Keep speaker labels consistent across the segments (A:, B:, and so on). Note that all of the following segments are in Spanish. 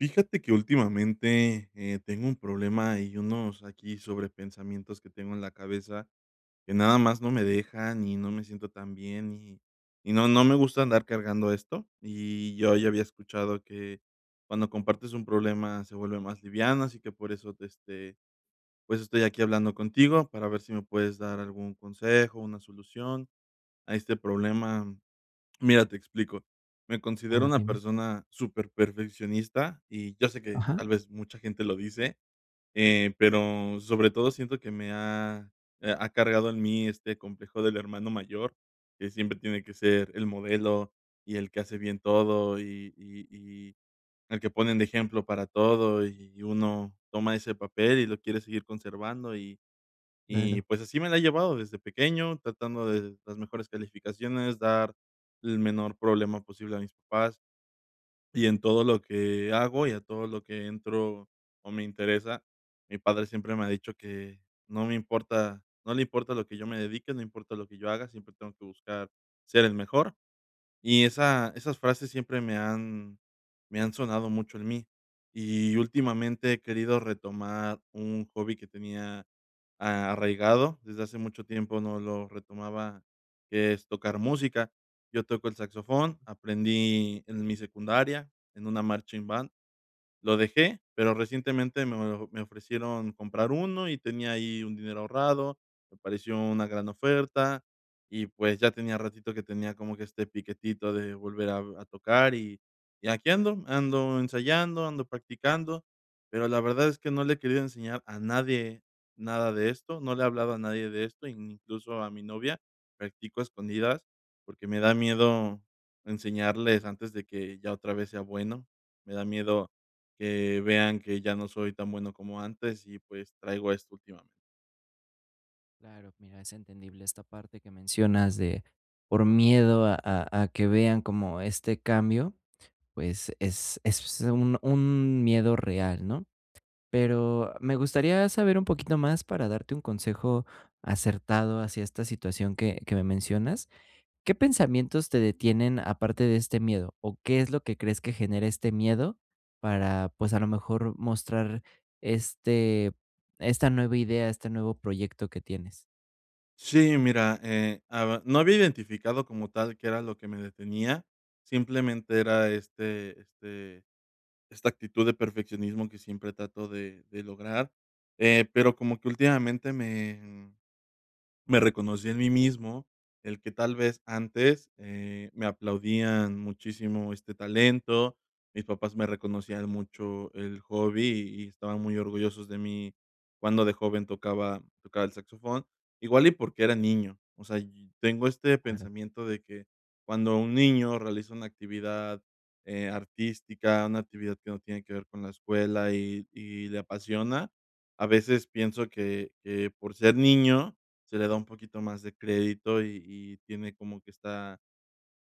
A: Fíjate que últimamente, eh, tengo un problema y unos aquí sobre pensamientos que tengo en la cabeza, que nada más no me dejan y no me siento tan bien y y no no me gusta andar cargando esto. Y yo ya había escuchado que cuando compartes un problema se vuelve más liviano. Así que por eso te, este, pues, estoy aquí hablando contigo para ver si me puedes dar algún consejo, una solución a este problema. Mira, te explico. Me
B: A
A: considero
B: ver,
A: una
B: dime.
A: persona superperfeccionista y yo sé que
B: Ajá.
A: tal vez, mucha gente lo dice, eh, pero sobre todo siento que me ha ha cargado en mí este complejo del hermano mayor, que siempre tiene que ser el modelo y el que hace bien todo y y y el que ponen de ejemplo para todo y uno toma ese papel y lo quiere seguir conservando y y
B: Claro.
A: pues, así me la he llevado desde pequeño, tratando de las mejores calificaciones, dar el menor problema posible a mis papás. Y en todo lo que hago y a todo lo que entro o me interesa. Mi padre siempre me ha dicho que no me importa, no le importa a lo que yo me dedique, no importa lo que yo haga, siempre tengo que buscar ser el mejor. Y esa esas frases siempre me han me han sonado mucho en mí. Y últimamente, he querido retomar un hobby que tenía a arraigado desde hace mucho tiempo no lo retomaba, que es tocar música. Yo toco el saxofón, aprendí en mi secundaria en una marching band. Lo dejé, pero recientemente me o me ofrecieron comprar uno y tenía ahí un dinero ahorrado, me pareció una gran oferta, y pues, ya tenía ratito que tenía como que este piquetito de volver a a tocar y y aquí ando, ando ensayando, ando practicando. Pero la verdad es que no le he querido enseñar a nadie nada de esto. No le he hablado a nadie de esto, ni incluso a mi novia. Practico a escondidas porque me da miedo enseñarles antes de que ya otra vez sea bueno. Me da miedo que vean que ya no soy tan bueno como antes y pues, traigo esto últimamente.
B: Claro, mira, es entendible esta parte que mencionas de, por miedo a a a que vean cómo este cambio, pues es es un un miedo real, ¿no?, pero me gustaría saber un poquito más para darte un consejo acertado hacia esta situación que que me mencionas, ¿qué pensamientos te detienen aparte de este miedo, o qué es lo que crees que genera este miedo para, pues, a lo mejor, mostrar este esta nueva idea, este nuevo proyecto que tienes?
A: Sí, mira, eh, aba no había identificado como tal que era lo que me detenía, simplemente era este este esta actitud de perfeccionismo que siempre trato de de lograr, eh, pero como que últimamente me, mm, me reconocí en mí mismo, el que tal vez antes, eh, me aplaudían muchísimo este talento, mis papás me reconocían mucho el hobby y estaban muy orgullosos de mí cuando de joven tocaba tocaba el saxofón igual y porque era niño, o sea, yi tengo este
B: Claro.
A: pensamiento de que cuando un niño realiza una actividad, eh, artística, una actividad que no tiene que ver con la escuela y y le apasiona, a veces pienso que que por ser niño se le da un poquito más de crédito y y tiene como que está,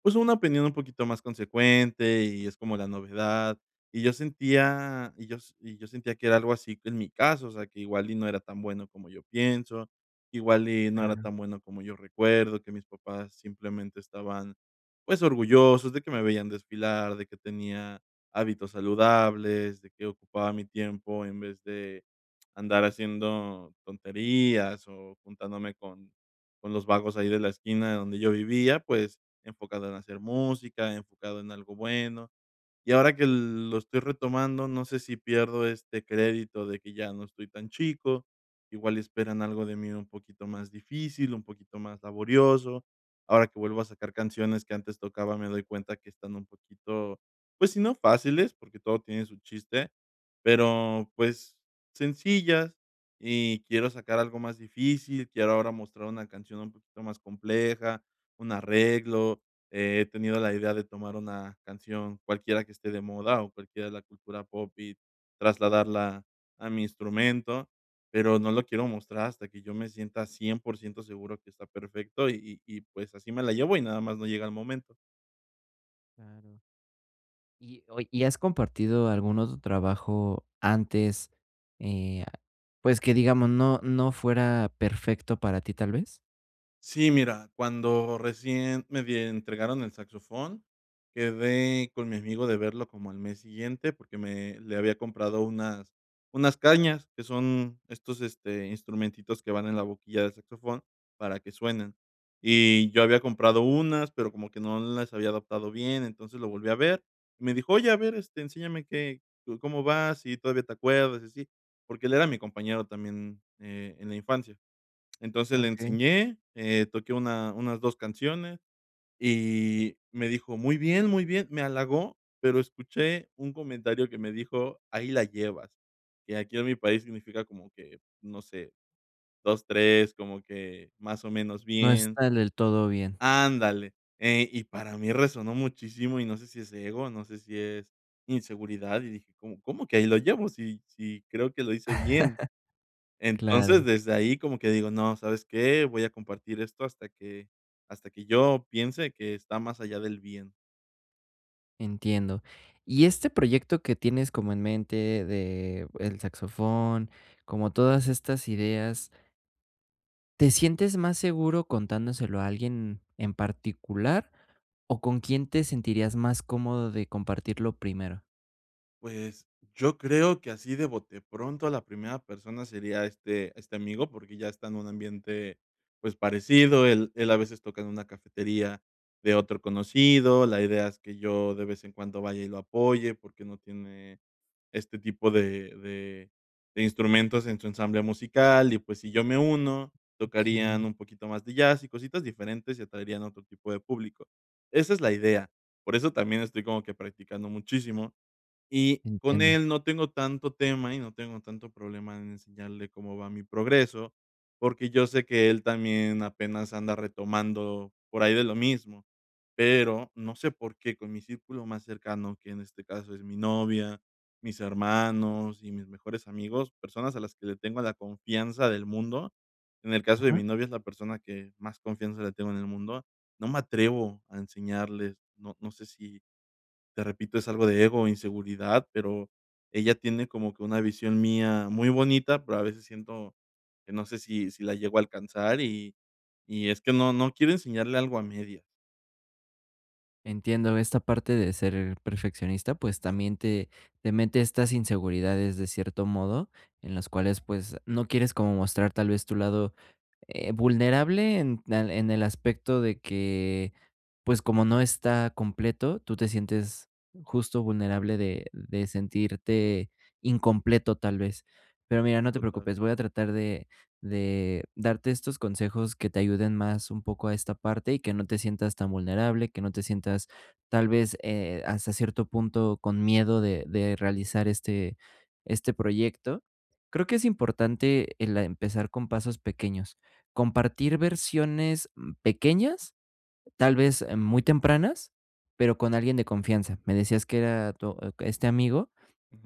A: pues, una opinión un poquito más consecuente y es como la novedad, y yo sentía, y yo s y yo sentía que era algo así en mi caso, o sea que igual y no era tan bueno como yo pienso, igual y no era
B: Claro.
A: tan bueno como yo recuerdo, que mis papás simplemente estaban, pues, orgullosos de que me veían desfilar, de que tenía hábitos saludables, de que ocupaba mi tiempo en vez de andar haciendo tonterías o juntándome con con los vagos ahí de la esquina donde yo vivía, pues, enfocado en hacer música, enfocado en algo bueno, y ahora que lo estoy retomando, no sé si pierdo este crédito de que ya no estoy tan chico, igual esperan algo de mí un poquito más difícil, un poquito más laborioso, ahora que vuelvo a sacar canciones que antes tocaba, me doy cuenta que están un poquito, pues, si no fáciles porque todo tiene su chiste, pero pues, sencillas y quiero sacar algo más difícil, quiero ahora mostrar una canción un poquito más compleja, un arreglo, he tenido la idea de tomar una canción cualquiera que esté de moda o cualquiera de la cultura pop y trasladarla a mi instrumento, pero no lo quiero mostrar hasta que yo me sienta 100% seguro que está perfecto y y, pues, así me la llevo y nada más no llega el momento.
B: Claro. Y, oye, ¿y has compartido algún otro trabajo antes, eh, pues, que digamos no no fuera perfecto para ti, tal vez?
A: Sí, mira, cuando recién me die entregaron el saxofón, quedé con mi amigo de verlo como al mes siguiente porque me le había comprado unas unas cañas que son estos, este, instrumentitos que van en la boquilla del saxofón para que suenen y yo había comprado unas, pero como que no las había adaptado bien. Entonces, lo volví a ver y me dijo: "Oye, a ver, este, enséñame que co cómo vas, si todavía te acuerdas y así", porque él era mi compañero también, eh, en la infancia. Entonces, le
B: Okey.
A: enseñé, eh, toqué una unas 2 canciones y me dijo: "Muy bien, muy bien", me halagó, pero escuché un comentario que me dijo: "Ahí la llevas", que aquí en mi país significa como que, no sé, 2 3 como que más o menos
B: No
A: bien.
B: está del todo bien.
A: Ándale, eh, y para mí resonó muchísimo y no sé si es ego, no sé si es inseguridad y dije: "¿Cómo cómo que ahí la llevo? Sí, sí creo que lo hice bien".
B: Claro.
A: Entonces desde ahí como que digo: "No, ¿sabes qué?, voy a compartir esto hasta que hasta que yo piense que está más allá del bien".
B: Entiendo. Y este proyecto que tienes como en mente de el saxofón, como todas estas ideas ¿Te sientes más seguro contándoselo a alguien en particular o con quién te sentirías más cómodo de compartirlo primero?
A: Pues, yo creo que así de bote, de pronto a la primera persona sería este este amigo porque ya está en un ambiente, pues, parecido, él él a veces toca en una cafetería de otro conocido, la idea es que yo de vez en cuando vaya y lo apoye porque no tiene este tipo de de de instrumentos en su ensamble musical y, pues, si yo me uno, tocarían
B: Okey.
A: un poquito más de jazz y cositas diferentes y atraerían otro tipo de público. Esa es la idea. Por eso también estoy como que practicando muchísimo y con
B: Entiendo.
A: él no tengo tanto tema y no tengo tanto problema en enseñarle cómo va mi progreso, porque yo sé que él también apenas anda retomando por ahí de lo mismo, pero no sé por qué con mi círculo más cercano, que en este caso es mi novia, mis hermanos y mis mejores amigos, personas a las que le tengo la confianza del mundo. En el caso de
B: Ajá.
A: mi novia, es la persona que más confianza le tengo en el mundo, no me atrevo a enseñarles, no no sé si te repito, es algo de ego o inseguridad, pero ella tiene como que una visión mía muy bonita, pero a veces siento que no sé si si la llego a alcanzar y y es que no, no quiero enseñarle algo a medias.
B: Entiendo esta parte de ser perfeccionista, pues también te te mete estas inseguridades de cierto modo, en las cuales, pues, no quieres como mostrar tal vez tu lado, eh, vulnerable en al en el aspecto de que, pues, como no está completo, tú te sientes justo vulnerable de de sentirte incompleto, tal vez. Pero mira, no te
A: Total.
B: preocupes, voy a tratar de de darte estos consejos que te ayuden más un poco a esta parte y que no te sientas tan vulnerable, que no te sientas, tal vez, eh, hasta cierto punto con miedo de de realizar este este proyecto. Creo que es importante, eh, la empezar con pasos pequeños, compartir versiones, mm, pequeñas, tal vez muy tempranas, pero con alguien de confianza. Me decías que era tu e este amigo,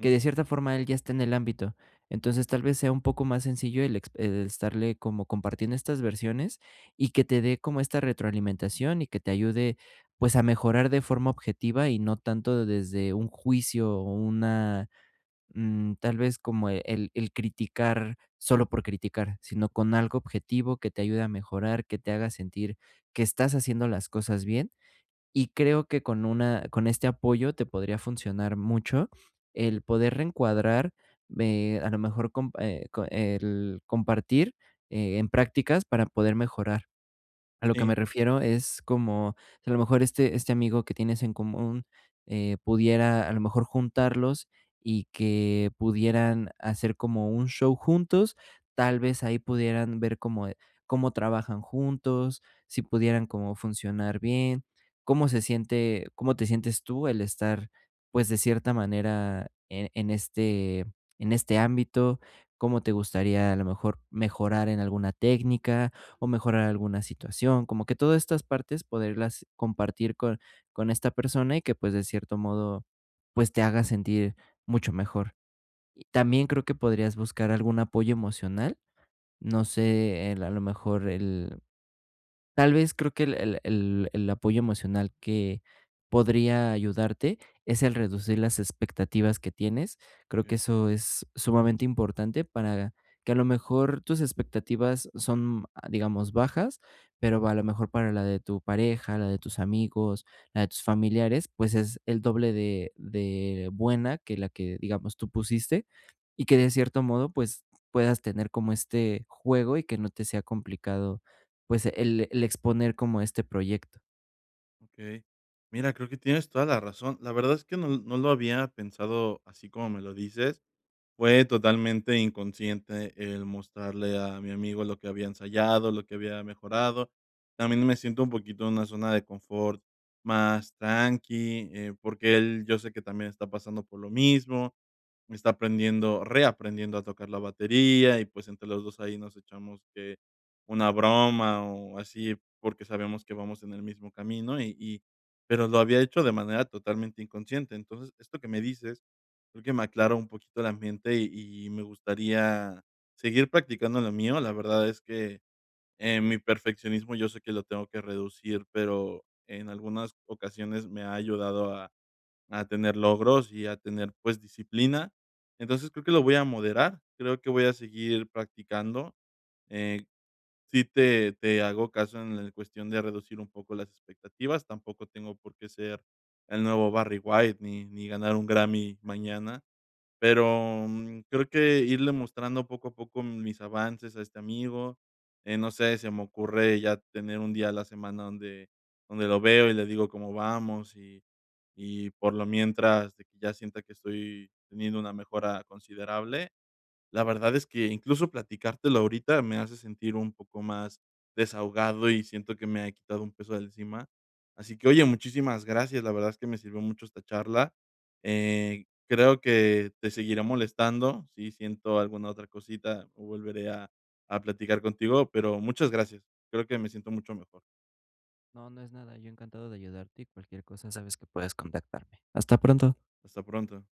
B: que de cierta forma él ya está en el ámbito. Entonces, tal vez sea un poco más sencillo el ex e estarle como compartiendo estas versiones y que te dé como esta retroalimentación y que te ayude, pues, a mejorar de forma objetiva y no tanto desde un juicio o una, mm, tal vez, como e el el criticar solo por criticar, sino con algo objetivo que te ayude a mejorar, que te haga sentir que estás haciendo las cosas bien, y creo que con una con este apoyo te podría funcionar mucho el poder reencuadrar, ve a lo mejor comp eh, co el compartir e en prácticas para poder mejorar. A lo que me
A: Sí.
B: refiero es como si a lo mejor este este amigo que tienes en común, eh, pudiera a lo mejor juntarlos y que pudieran hacer como un show juntos, tal vez ahí pudieran ver cómo, eh, cómo trabajan juntos, si pudieran como funcionar bien, cómo se siente, cómo te sientes tú el estar, pues de cierta manera, e en este en este ámbito, cómo te gustaría a lo mejor mejorar en alguna técnica o mejorar alguna situación, como que todas estas partes, poderlas compartir con con esta persona, y que, pues de cierto modo, pues te haga sentir mucho mejor. Y también creo que podrías buscar algún apoyo emocional, no sé, el a lo mejor el, tal vez creo que el el el el apoyo emocional que podría ayudarte es el reducir las expectativas que tienes. Creo que
A: Okey.
B: eso es sumamente importante, para que a lo mejor tus expectativas son, ah, digamos, bajas, pero a lo mejor para la de tu pareja, la de tus amigos, la de tus familiares, pues es el doble de de buena que la que, digamos, tú pusiste, y que de cierto modo, pues puedas tener como este juego y que no te sea complicado, pues el el exponer como este proyecto.
A: Okey. Mira, creo que tienes toda la razón, la verdad es que no l no lo había pensado así como me lo dices. Fue totalmente inconsciente el mostrarle a mi amigo lo que había ensayado, lo que había mejorado. También me siento un poquito en una zona de confort más tranqui, eh, porque él, yo sé que también está pasando por lo mismo. Está aprendiendo reaprendiendo a tocar la batería y, pues, entre los dos ahí nos echamos que una broma o así porque sabemos que vamos en el mismo camino y y pero lo había hecho de manera totalmente inconsciente. Entonces esto que me dices creo que me aclara un poquito el ambiente y y me gustaría seguir practicando lo mío. La verdad es que, eh, mi perfeccionismo, yo sé que lo tengo que reducir, pero en algunas ocasiones me ha ayudado a a tener logros y a tener, pues, disciplina. Entonces creo que lo voy a moderar. Creo que voy a seguir practicando, eh, sí te te hago caso en la cuestión de reducir un poco las expectativas, tampoco tengo por qué ser el nuevo Barry White ni ni ganar un Grammy mañana, pero, mm, creo que irle mostrando poco a poco mis avances a este amigo, eh, no sé, se me ocurre ya tener un día a la semana donde donde lo veo y le digo cómo vamos y, y por lo mientras, de que ya sienta que estoy teniendo una mejora considerable. La verdad es que incluso platicártelo ahorita me hace sentir un poco más desahogado y siento que me ha quitado un peso de encima. Así que oye, muchísimas gracias. La verdad es que me sirvió mucho esta charla, eh, creo que te seguiré molestando. Sí, siento alguna otra cosita. Volveré a a platicar contigo, pero muchas gracias. Creo que me siento mucho mejor.
B: No, no es nada, yo encantado de ayudarte y cualquier cosa, sabes que puedes contactarme. Hasta pronto.
A: Hasta pronto.